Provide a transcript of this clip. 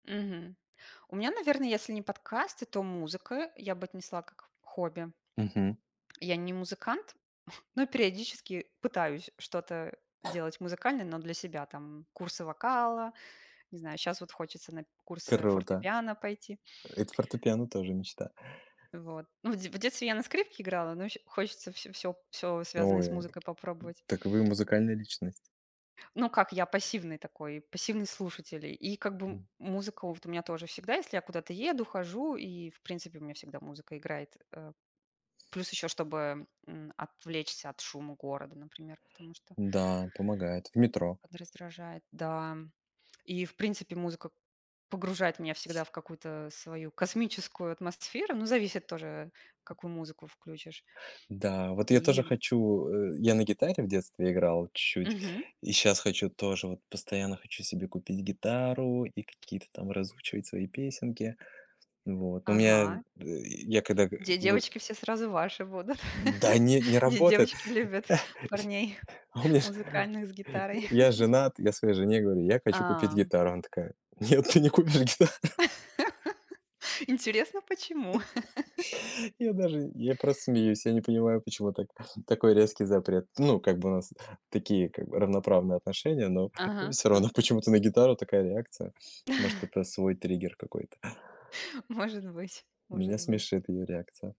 Мгм. У меня, наверное, если не подкасты, то музыка, я бы отнесла как к хобби. Мгм. Я не музыкант, но периодически пытаюсь что-то делать музыкально, но для себя- там, курсы вокала. Не знаю, сейчас вот хочется на курсы Круто. фортепиано пойти. Э, это фортепиано тоже мечта. Вот. Ну, в де в детстве я на скрипке играла, но ещё хочется всё всё всё, связанное с Ой, музыкой, попробовать. так вы музыкальная личность. Ну, как, я пассивный такой, пассивный слушатель. И как бы, м, Мгм. музыка вот у меня тоже всегда, если я куда-то еду, хожу, и, в принципе, у меня всегда музыка играет, э. Плюс еще, чтобы, м, отвлечься от шума города, например, потому что Да, помогает. В метро. подраздражает, да. И, в принципе, музыка погружает меня всегда в какую-то свою космическую атмосферу, ну, зависит тоже, какую музыку включишь. Да, вот я И тоже м хочу э, я на гитаре в детстве играл чуть, Мгм. и сейчас хочу тоже, вот постоянно хочу себе купить гитару и какие-то там разучивать свои песенки. Вот, но у меня, э, Ага. я когда, э, Где г девочки все сразу ваши будут? Да нет, не Где работает. девочки любят парней А у меня ж музыкальных с гитарой? я женат. Я своей жене говорю: "Я хочу купить А. гитару". Она такая: "Нет, ты не купишь гитару". Интересно, почему? Я даже, я просто смеюсь, я не понимаю, почему та- такой резкий запрет. Ну, как бы, у нас такие, как бы, равноправные отношения, но, э, Ага, всё равно ага. почему-то на гитару такая реакция. Может, это свой триггер какой-то. Может быть, может Меня быть. смешит её реакция.